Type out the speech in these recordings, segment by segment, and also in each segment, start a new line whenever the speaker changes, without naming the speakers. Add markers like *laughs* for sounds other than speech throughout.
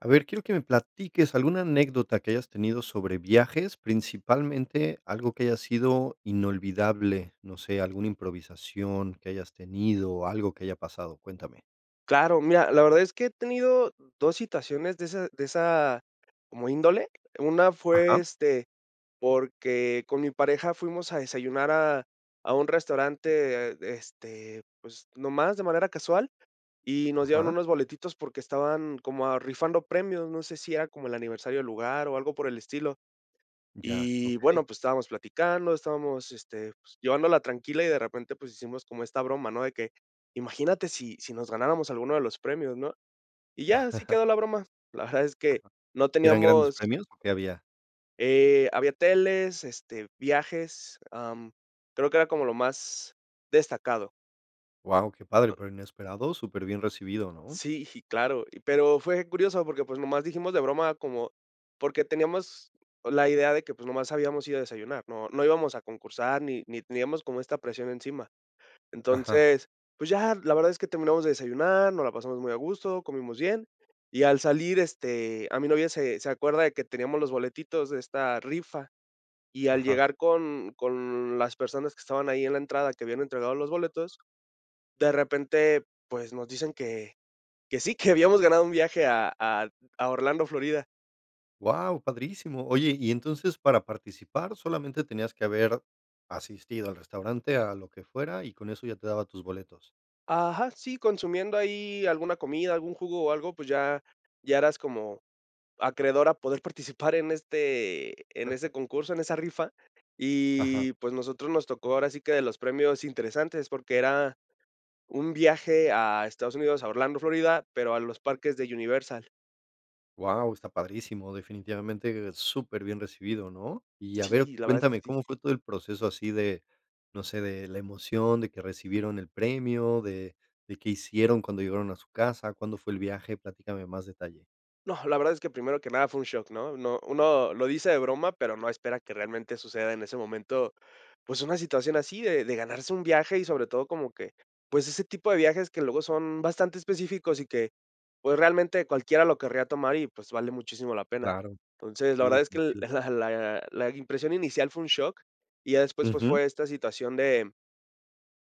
A ver, quiero que me platiques alguna anécdota que hayas tenido sobre viajes, principalmente, algo que haya sido inolvidable, no sé, alguna improvisación que hayas tenido o algo que haya pasado, cuéntame.
Claro, mira, la verdad es que he tenido dos situaciones de ese de esa como índole. Una fue,
Ajá.
este, porque con mi pareja fuimos a desayunar a a un restaurante, este, pues, nomás de manera casual, y nos dieron
Ajá.
unos boletitos porque estaban como, ah, rifando premios, no sé si era como el aniversario del lugar o algo por el estilo.
Ya,
Y
okey.
bueno, pues, estábamos platicando, estábamos, este, pues, llevándola tranquila y, de repente, pues, hicimos como esta broma, ¿no? De que: "Imagínate si si nos ganáramos algunos de los premios, ¿no?". Y ya, así
*chuckles*
quedó la broma. La verdad es que
Ajá.
no
¿Y eran grandes
teníamos
premios o qué había?
Eh, había teles, este viajes, am, creo que era como lo más destacado.
Guau, qué padre,
*unintelligible*
pero inesperado, super bien recibido, ¿no?
Sí, claro. Y pero fue curioso, porque, pues, nomás dijimos de broma como porque teníamos la idea de que, pues, nomás habíamos ido a desayunar. No no íbamos a concursar ni ni teníamos como esta presión encima.
Ajá.
Entonces, pues, ya, la verdad es que terminamos de desayunar, nos la pasamos muy a gusto, comimos bien. Y al salir, este, a mí novia, se se acuerda de que teníamos los boletitos de esta rifa, y al
Ajá.
llegar con con las personas que estaban ahí en la entrada, que habían entregado los boletos, de repente, pues, nos dicen que que sí, que habíamos ganado un viaje a a a Orlando, Florida.
Guau, padrísimo. Oye y entonces, para participar, solamente tenías que haber asistido al restaurante, a lo que fuera y con eso ya te daba tus boletos.
Ajá, sí, consumiendo ahí alguna comida, algún jugo o algo, pues, ya ya eras como acreedor a poder participar en este en ese
*laughs*
concurso, en esa rifa.
Ajá.
Y, pues, nosotros nos tocó ahora sí que de los premios interesantes, porque era un viaje a Estados Unidos, a Orlando, Florida, pero a los parques de Universal.
Guau, está padrísimo, definitivamente, superbién recibido, ¿no? Y a ver,
Sí, la verdad es que
cuéntame,
sí.
¿cómo fue todo el proceso así de, no sé, de la emoción, de que recibieron el premio, de de qué hicieron cuando llegaron a su casa, cuándo fue el viaje? Platícame más detalle.
No, la verdad es que primero que nada fue un shock, ¿no? No uno lo dice de broma, pero no espera que realmente suceda en ese momento, pues, una situación así de de ganarse un viaje y, sobre todo, como que, pues, ese tipo de viajes que luego son bastante específicos y que, pues, realmente, cualquiera lo querría tomar y, pues, vale muchísimo la pena.
Claro.
Entonces, la
Sí,
verdad es que
definitivo.
la la la impresión inicial fue un shock y ya después, pues,
Ujú.
fue esta situación de,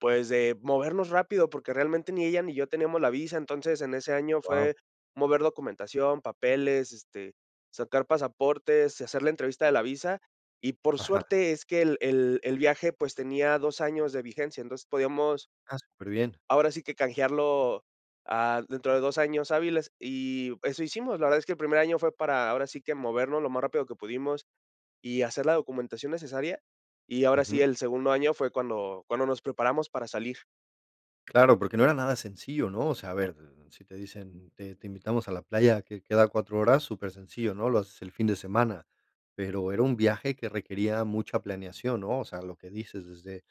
pues, de movernos rápido, porque realmente, ni ella ni yo teníamos la visa. Entonces, en ese año
Guau.
fue mover documentación, papeles, este, sacar pasaportes, hacer la entrevista de la visa, y, por
Ajá.
suerte, es que el el el viaje, pues, tenía 2 años de vigencia. Entonces, podíamos
Ah, superbién.
ahora sí que canjearlo, ah, dentro de 2 años hábiles, y eso hicimos. La verdad es que el primer año fue para ahora sí que movernos lo más rápido que pudimos y hacer la documentación necesaria, y ahora sí,
Ujú.
el segundo año fue cuando cuando nos preparamos para salir.
Claro, porque no era nada sencillo, ¿no? O sea, a ver, d d si te dicen, mm: "Te te invitamos a la playa que queda a 4 horas", súper sencillo, ¿no?, lo haces el fin de semana, pero era un viaje que requería mucha planeación, ¿no? O sea, lo que dices, desde,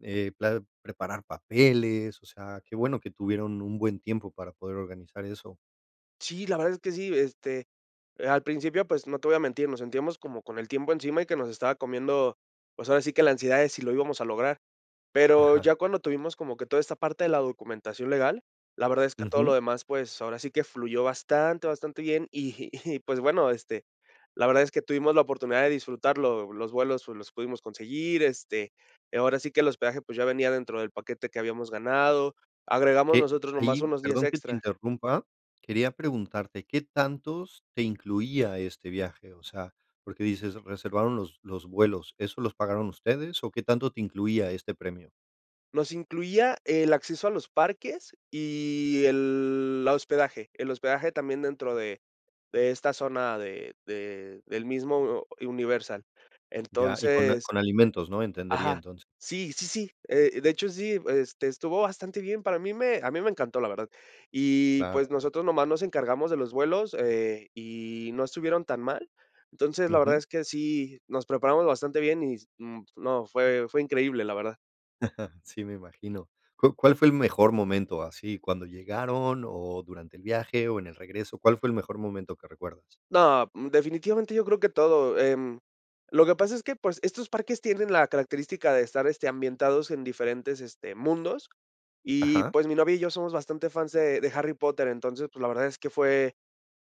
eh, pla preparar papeles, o sea, qué bueno que tuvieron un buen tiempo para poder organizar eso.
Sí, la verdad es que sí. Este, eh, al principio, pues, no te voy a mentir, nos sentíamos como con el tiempo encima y que nos estaba comiendo, pues, ahora sí que la ansiedad de si lo íbamos a lograr. Pero
Ajá.
ya cuando tuvimos como que toda esta parte de la documentación legal, la verdad es que todo
Ujú.
lo demás, pues, ahora sí que fluyó bastante, bastante bien, y y, pues, bueno, este, la verdad es que tuvimos la oportunidad de disfrutarlo, lo los vuelos los pudimos conseguir, este, ahora sí que el hospedaje, pues, ya venía dentro del paquete que habíamos ganado. Agregamos
¿Qué?
nosotros nomás
Ahí,
unos días
perdón que te
extra.
interrumpa, quería preguntarte, ¿qué tantos te incluía este viaje? O sea, porque dices reservaron los los vuelos, ¿eso los pagaron ustedes o qué tanto te incluía este premio?
Nos incluía el acceso a los parques y el la hospedaje, el hospedaje también dentro de de esta zona de de del mismo Universal.
Ya. Y con a
Entonces
con alimentos, ¿no?, entendería
ajá.
entonces.
Sí, sí, sí, eh, de hecho, sí, este, estuvo bastante bien, para mí me a mí me encantó, la verdad. Y,
Claro.
pues, nosotros nomás nos encargamos de los vuelos, eh, y no estuvieron tan mal. Entonces, la verdad
Ujú.
es que sí, nos preparamos bastante bien y s mm, no, fue fue increíble, la verdad.
*chuckles* Sí, me imagino. ¿Cuá cuál fue el mejor momento así? ¿Cuándo llegaron o durante el viaje o en el regreso? ¿Cuál fue el mejor momento que recuerdas?
No, mm, definitivamente yo creo que todo. Em, lo que pasa es que, pues, estos parques tienen la característica de estar, este, ambientados en diferentes, este, mundos. Y,
Ajá.
pues, mi novia y yo somos bastante fans de de Harry Potter. Entonces, pues, la verdad es que fue,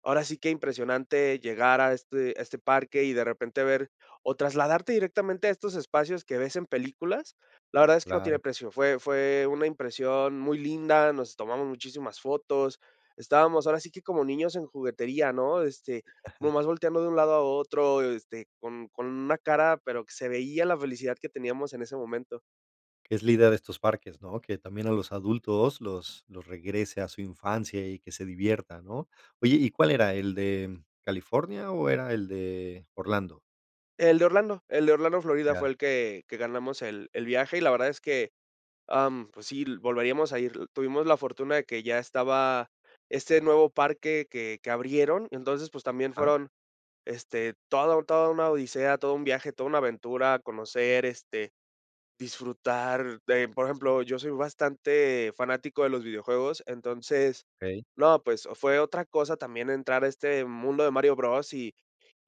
ahora sí que impresionante llegar a este a este parque y, de repente, ver o trasladarte directamente a estos espacios que ves en películas. La verdad es que no tiene
Claro.
precio. Fue fue una impresión muy linda, nos tomamos muchísimas fotos. Estábamos ahora sí que como niños en juguetería, ¿no? Este,
Ajá.
nomás volteando de un lado a otro, este, con con una cara, pero que se veía la felicidad que teníamos en ese momento.
Es la idea de estos parques, ¿no?, que también a los adultos los los regrese a su infancia, y que se diviertan, ¿no? Oye, ¿y cuál era, el de California, o era el de Orlando?
El de Orlando, el de Orlando, Florida, fue
Ya.
el que que ganamos el el viaje, y la verdad es que, am, pues, sí l volveríamos a ir l Tuvimos la fortuna de que ya estaba este nuevo parque que que abrieron, entonces, pues, también
Ajá.
fueron, este, toda la toda una odisea, todo un viaje, toda una aventura, conocer, este, disfrutar, eh, por ejemplo, yo soy bastante fanático de los videojuegos, entonces,
Okey.
no, pues, fue otra cosa también entrar a este mundo de Mario Bros y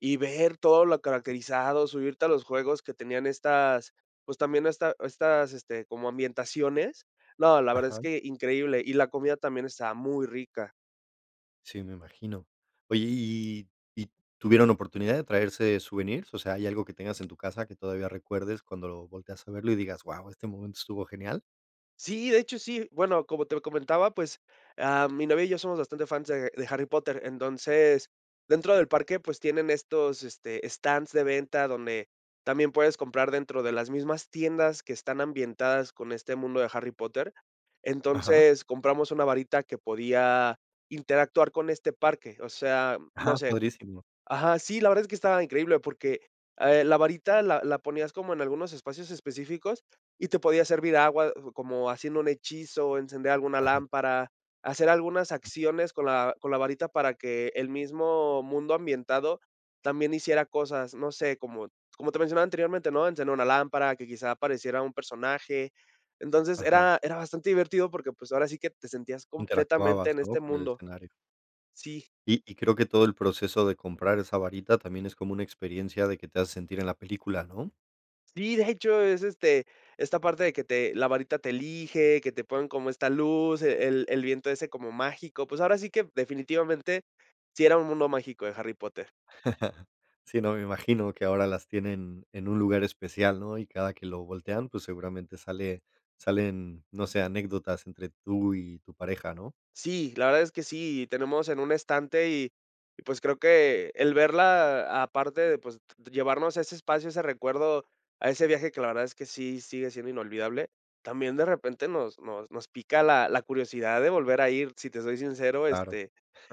y ver todo lo caracterizado, subirte a los juegos que tenían estas, pues, también esta estas este, como ambientaciones. No, la verdad es
Ajá.
que increíble, y la comida también estaba muy rica.
Sí, me imagino. Oye, ¿y y tuvieron oportunidad de traerse souvenirs? O sea, ¿hay algo que tengas en tu casa, que todavía recuerdes cuando lo volteas a verlo y digas: "Guau, este momento estuvo genial?"
Sí, de hecho, sí. Bueno, como te comentaba, pues, ah, mi novia y yo somos bastante fans de de Harry Potter. Entonces, dentro del parque, pues, tienen estos, este, stands de venta, donde también puedes comprar dentro de las mismas tiendas que están ambientadas con este mundo de Harry Potter.
Ajá.
Entonces, compramos una varita que podía interactuar con este parque, o sea, no
Ajá,
sé
padrísimo.
Ajá, sí, la verdad es que estaba increíble, porque, ah, el la varita la la ponías como en algunos espacios específicos y te podía servir agua, uh, como haciendo un hechizo, encender alguna
Ajá.
lámpara, hacer algunas acciones con la con la varita para que el mismo mundo ambientado también hiciera cosas. No sé, como como te mencionaba anteriormente, ¿no?, encender una lámpara, que quizá apareciera un personaje. Entonces,
Ajá.
era era bastante divertido, porque, pues, ahora sí que te sentías completamente
Interactuabas,
en
¿no?,
este
con el
mundo.
escenario.
Sí.
Y y creo que todo el proceso de comprar esa varita también es como una experiencia de que te hace sentir en la película, ¿no?
Sí, de hecho, es, este, esta parte de que te la varita te elige, que te ponen como esta luz, eh, el el viento ese como mágico. Pues, ahora sí que, definitivamente, sí era un mundo mágico de Harry Potter.
*chuckles* Sí, no, me imagino que ahora las tienen en un lugar especial, ¿no? Y cada que lo voltean, pues, seguramente sale salen, no sé, anécdotas entre tú y tu pareja, ¿no?
Sí, la verdad es que sí, tenemos en un estante y y, pues, creo que el verla aparte de, pues, llevarnos ese espacio, ese recuerdo, a ese viaje que, la verdad, es que sí sigue siendo inolvidable, también, de repente, nos nos nos pica la la curiosidad de volver a ir. Si te soy sincero,
Claro.
este,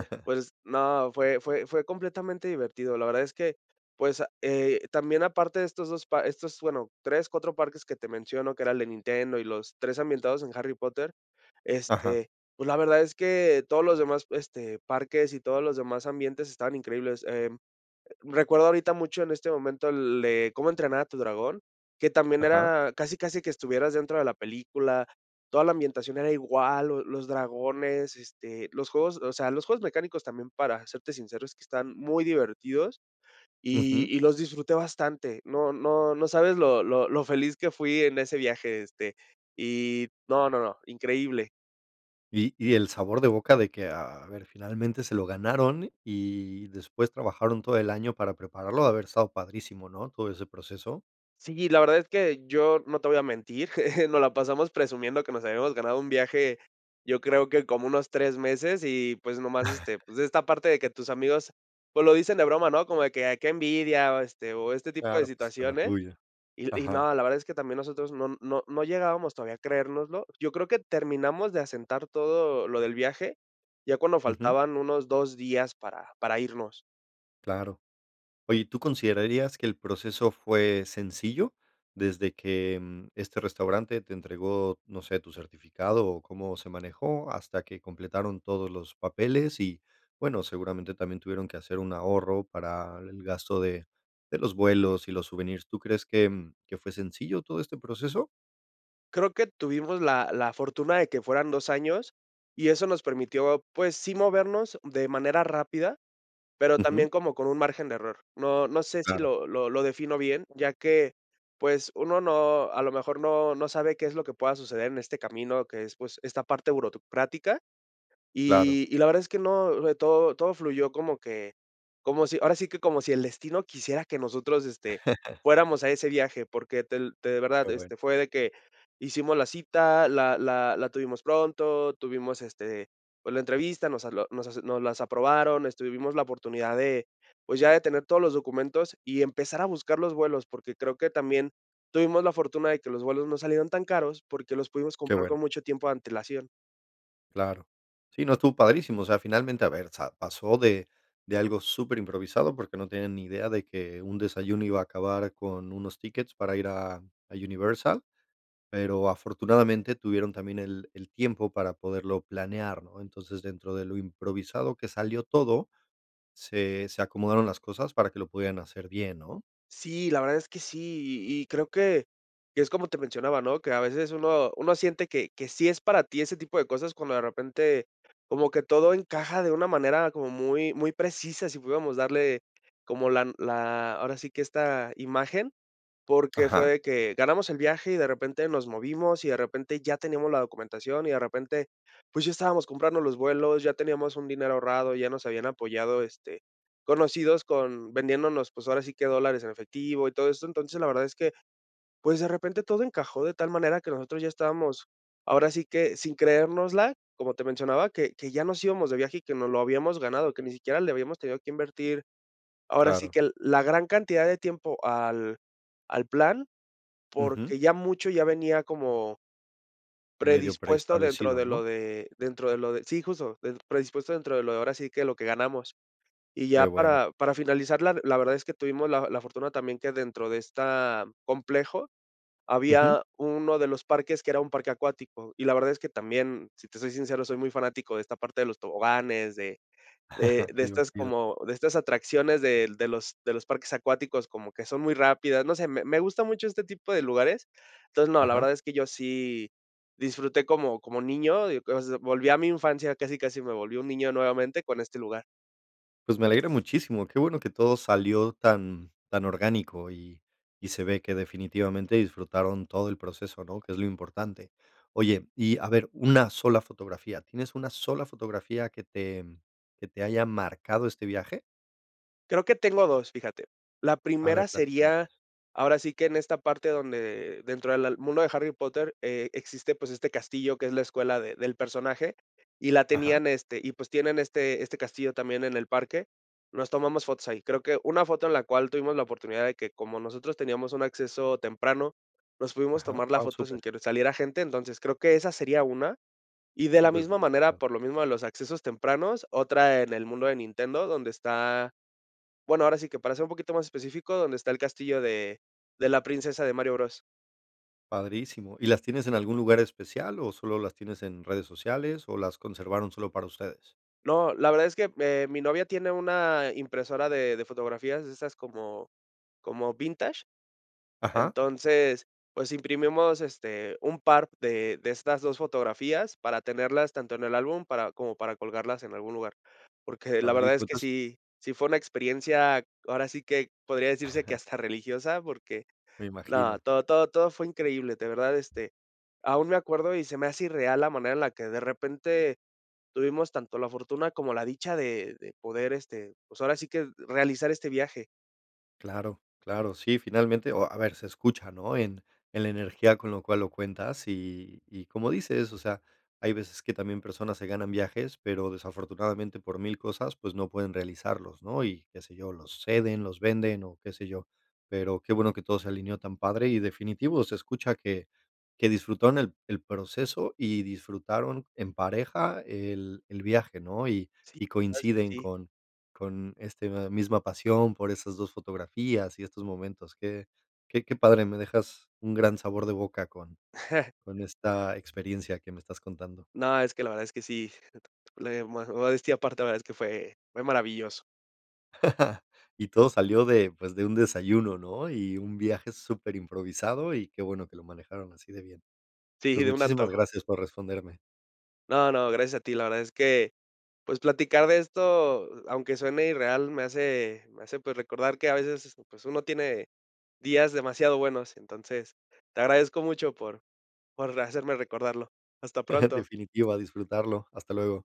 *chuckles*
pues, no, fue fue fue completamente divertido. La verdad es que, pues, eh, también aparte de estos 2 pa estos, bueno, 3, 4 parques que te menciono, que era el de Nintendo y los 3 ambientados en Harry Potter,
Ajá.
este, pues, la verdad es que todos los demás, este, parques y todos los demás ambientes estaban increíbles. Em, recuerdo ahorita mucho en este momento el de Cómo entrenar a tu dragón, que también
Ajá.
era casi casi que estuvieras dentro de la película. Toda la ambientación era igual, lo los dragones, este, los juegos, o sea, los juegos mecánicos también, para serte sincero, es que están muy divertidos y
Ujú.
y los disfruté bastante. No no no sabes lo lo lo feliz que fui en ese viaje, este, y no, no, no, increíble.
Y y el sabor de boca de que, a a ver, finalmente se lo ganaron y después trabajaron todo el año para prepararlo, debe haber estado padrísimo, ¿no?, todo ese proceso.
Sí, la verdad es que yo no te voy a mentir, *chuckles* nos la pasamos presumiendo que nos habíamos ganado un viaje, yo creo que como unos 3 meses y, pues, nomás, este, pues,
*chuckles*
esta parte de que tus amigos, pues, lo dicen de broma, ¿no? Como de que: "Ay, qué envidia", o este o este tipo de
Claro, pues con la
situaciones.
tuya.
Y y
Ajá.
no, la verdad es que también nosotros no no no llegábamos todavía a creérnoslo. Yo creo que terminamos de asentar todo lo del viaje, ya cuando
Ujú.
faltaban unos 2 días para para irnos.
Claro. Oye, ¿y tú considerarías que el proceso fue sencillo, desde que este restaurante te entregó, no sé, tu certificado, o cómo se manejó hasta que completaron todos los papeles? Y bueno, seguramente, también tuvieron que hacer un ahorro, para el gasto de de los vuelos y los souvenirs. ¿Tú crees que que fue sencillo todo este proceso?
Creo que tuvimos la la fortuna de que fueran 2 años, y eso nos permitió, pues, sí movernos de manera rápida, pero
Ujú.
también como con un margen de error. No no sé si
Claro.
lo lo lo defino bien, ya que, pues, uno no, a lo mejor, no no sabe qué es lo que pueda suceder en este camino, que es, pues, esta parte burocrática.
Claro.
Y y la verdad es que no, le todo todo fluyó como que como si ahora sí que como si el destino quisiera que nosotros, este,
*laughs*
fuéramos a ese viaje. Porque te te de
Qué
verdad,
bueno.
este, fue de que hicimos la cita, la la la tuvimos pronto, tuvimos, este, pues, la entrevista, nos habló nos asu nos las aprobaron, este, vivimos la oportunidad de, pues, ya de tener todos los documentos y empezar a buscar los vuelos, porque creo que también tuvimos la fortuna de que los vuelos no salieron tan caros, porque los pudimos
Qué
comprar
bueno.
con mucho tiempo de antelación.
Claro. Sí, no, estuvo padrísimo, o sea, finalmente, a ver, sa pasó de de algo súper improvisado, porque no tienen ni idea de que un desayuno iba a acabar con unos tickets para ir a a Universal, pero, afortunadamente, tuvieron también el el tiempo para poderlo planear, ¿no? Entonces, dentro de lo improvisado que salió todo, se se acomodaron las cosas para que lo pudieran hacer bien, ¿no?
Sí, la verdad es que sí, y y creo que que es como te mencionaba, ¿no?, que a veces uno uno siente que que sí es para ti ese tipo de cosas cuando, de repente, como que todo encaja de una manera como muy muy precisa, si pudiéramos darle como la la, ahora sí que esta imagen, porque fue
Ajá.
de que ganamos el viaje y, de repente, nos movimos, y, de repente, ya teníamos la documentación, y de repente, pues, ya estábamos comprando los vuelos, ya teníamos un dinero ahorrado, ya nos habían apoyado, este, conocidos con vendiéndonos, pues, ahora sí que dólares en efectivo y todo esto. Entonces, la verdad es que, pues, de repente, todo encajó de tal manera que nosotros ya estábamos, ahora sí que sin creérnosla, como te mencionaba, que que ya nos íbamos de viaje y que no lo habíamos ganado, que ni siquiera le habíamos tenido que invertir, ahora sí
Claro.
que la gran cantidad de tiempo al al plan,
Ujú.
porque ya mucho ya venía como
Medio
predispuesto dentro
preestablecido,
de
¿no?
lo de dentro de lo de sí, justo, del predispuesto dentro de lo, ahora sí que lo que ganamos. Y
Qué
ya
bueno.
para para finalizar, la la verdad es que tuvimos la la fortuna también que dentro de esta complejo,
Ujú.
había uno de los parques, que era un parque acuático, y la verdad es que también, si te soy sincero, soy muy fanático de esta parte de los toboganes, de de
*chuckles*
de
Que
estas
divertido.
como de estas atracciones del de los de los parques acuáticos, como que son muy rápidas. No sé, me me gusta mucho este tipo de lugares. Entonces, no, la
Ajá.
verdad es que yo sí disfruté como como niño, y, *unintelligible* volví a mi infancia, casi casi me volvió un niño nuevamente con este lugar.
Pues me alegra muchísimo, qué bueno que todo salió tan tan orgánico y y se ve que definitivamente disfrutaron todo el proceso, ¿no? Que es lo importante. Oye, y a ver una sola fotografía, ¿tienes una sola fotografía que te que te haya marcado este viaje?
Creo que tengo 2, fíjate. La
A ver,
primera
platícame,
sería
pues.
ahora sí que en esta parte donde dentro de al mundo del Harry Potter, eh, existe, pues, este castillo que es la escuela de del personaje y la
Ajá.
tenían este y, pues, tienen este este castillo también en el parque, nos tomamos fotos ahí. Creo que una foto en la cual tuvimos la oportunidad de que, como nosotros teníamos un acceso temprano, nos pudimos
Ajá,
tomar la
wao,
foto sin
súper.
que saliera gente. Entonces, creo que esa sería una. Y de la
Súper
misma manera,
privilegiado.
por lo mismo de los accesos tempranos, otra en el mundo de Nintendo, donde está bueno, ahora sí que para ser un poquito más específico, donde está el castillo de de la princesa de Mario Bros.
Padrísimo, ¿y las tienes en algún lugar especial o solo las tienes en redes sociales o las conservaron solo para ustedes?
No, la verdad es que, eh, mi novia tiene una impresora de de fotografías de esas como como vintage.
Ajá.
Entonces, pues, imprimimos, este, un par de de estas 2 fotografías para tenerlas tanto en el álbum, para como para colgarlas en algún lugar. Porque la verdad
Padrísimo,
es que
entonces
sí sí fue una experiencia, ahora sí que podría decirse que
*chuckles*
hasta religiosa, porque
Me
no,
imagino.
todo, todo, todo fue increíble, de verdad, este, aún me acuerdo, y se me hace irreal la manera en la que de repente tuvimos tanto la fortuna como la dicha de de poder, este, pues ahora sí que realizar este viaje.
Claro, claro, sí, finalmente o a ver, se escucha, ¿no? En en la energía con lo cual lo cuentas y y como dices, o sea, hay veces que también personas se ganan viajes, pero desafortunadamente por mil cosas, pues no pueden realizarlos, ¿no? Y qué sé yo, los ceden, los venden o qué sé yo. Pero qué bueno que todo se alineó tan padre y definitivo se escucha que que disfrutaron el el proceso y disfrutaron en pareja el el viaje, ¿no? Y
Sí,
y
sabes que
coinciden
sí.
con con este misma pasión por esas 2 fotografías y estos momentos que que que padre, me dejas un gran sabor de boca con
*chuckles*
con esta experiencia que me estás contando.
No, es que la verdad es que sí. *chuckles* Le modes modestia aparte, la verdad es que fue fue maravilloso.
*chuckles* Y todo salió de pues, de un desayuno, ¿no? Y un viaje super improvisado, y qué bueno que lo manejaron así de bien.
Sí,
Pues
de un
muchísimas
antojo.
gracias por responderme.
No, no, gracias a ti, la verdad es que, pues platicar de esto, a aunque suene irreal, me hace me hace, pues recordar que a veces, pues uno tiene días demasiado buenos, entonces, te agradezco mucho por por hacerme recordarlo. Hasta
*giggles*
pronto.
Definitiva, a disfrutarlo. Hasta luego.